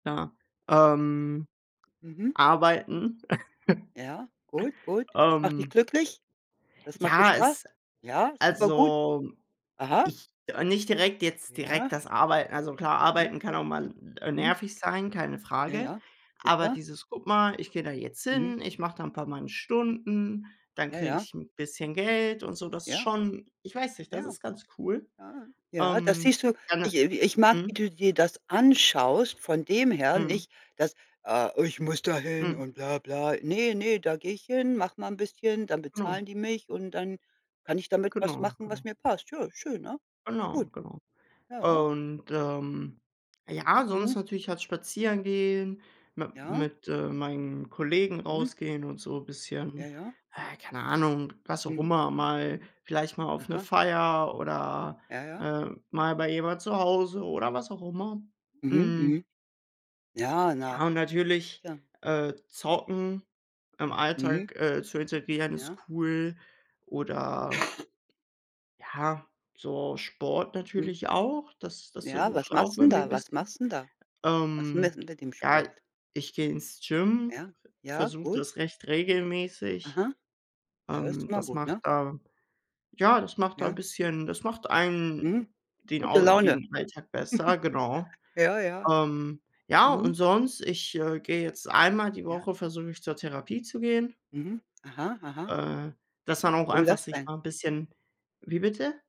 Ja. Ähm, Mhm. arbeiten. Ja. Gut, gut. Das macht dich Ähm. glücklich? Das macht dir Ja, es Spaß? Ja, super gut. Also, Aha. ich ah, nicht direkt jetzt direkt Ja. das Arbeiten. Also, klar, Ja. Arbeiten kann auch mal, äh, Mhm. nervig sein, keine Ja, Frage. ja. Aber Sicher. dieses: „Guck mal, ich gehe da jetzt Mhm. hin, ich mache da 'n paar meine Stunden, dann Ja, kriege ja. ich 'n bisschen Geld und so“, das ist Ja. schon ich weiß nicht, das Ja. ist ganz cool. Ja. Ja, da Ähm, siehst du, dann, ich äh, ich mag, äh wie Mhm. du dir das anschaust von dem her, Mhm. nicht, dass, äh „ich muss da hin Mhm. und bla bla.“ „Ne, ne, da gehe ich hin, mache mal 'n bisschen, dann Genau. bezahlen die mich und dann kann ich damit was Genau, machen, was genau. mir passt.“ Ja, schön, ne? Genau, Gut. genau. Ja. Und, ähm, ja, sonst Mhm. natürlich halt spazieren gehen, mit Ja. mit, äh, meinen Kollegen Mhm. rausgehen und so Ja, bisschen ja. ah, keine Ahnung, was auch Mhm. immer mal vielleicht mal auf 'ne Aha. Feier oder, Ja, ja. äh, mal bei jemand zu Hause oder was auch immer. Mhm, Mhm. mhm. Ja, na? Ja, und natürlich, Tja. äh, Zocken im Mhm. Alltag, äh, zu integrieren, ist Ja. cool. Oder Ja, so Sport Hm. natürlich auch, das das Ja, versuche was ich auch machst'n irgendwie 'n da, was bisschen. machst'n da? Was Ähm, [unintelligible] mit dem ja, Sport? ich gehe ins Gym, Ja, ja, versuche gut. das recht regelmäßig. Aha. Ja, das ist Ähm, immer das gut, macht ne? da ja, das macht da 'n Ja. bisschen das macht Mhm. einem den Gute Au Laune. den Alltag besser, genau. Ja, ja. Ähm. Ja, und Mhm. sonst, ich, äh, gehe jetzt einmal die Ja. Woche versuche ich, zur Therapie zu gehen. Mhm. Aha, aha. Äh, dass man auch Warum einfach das sich denn? mal 'n bisschen Wie bitte?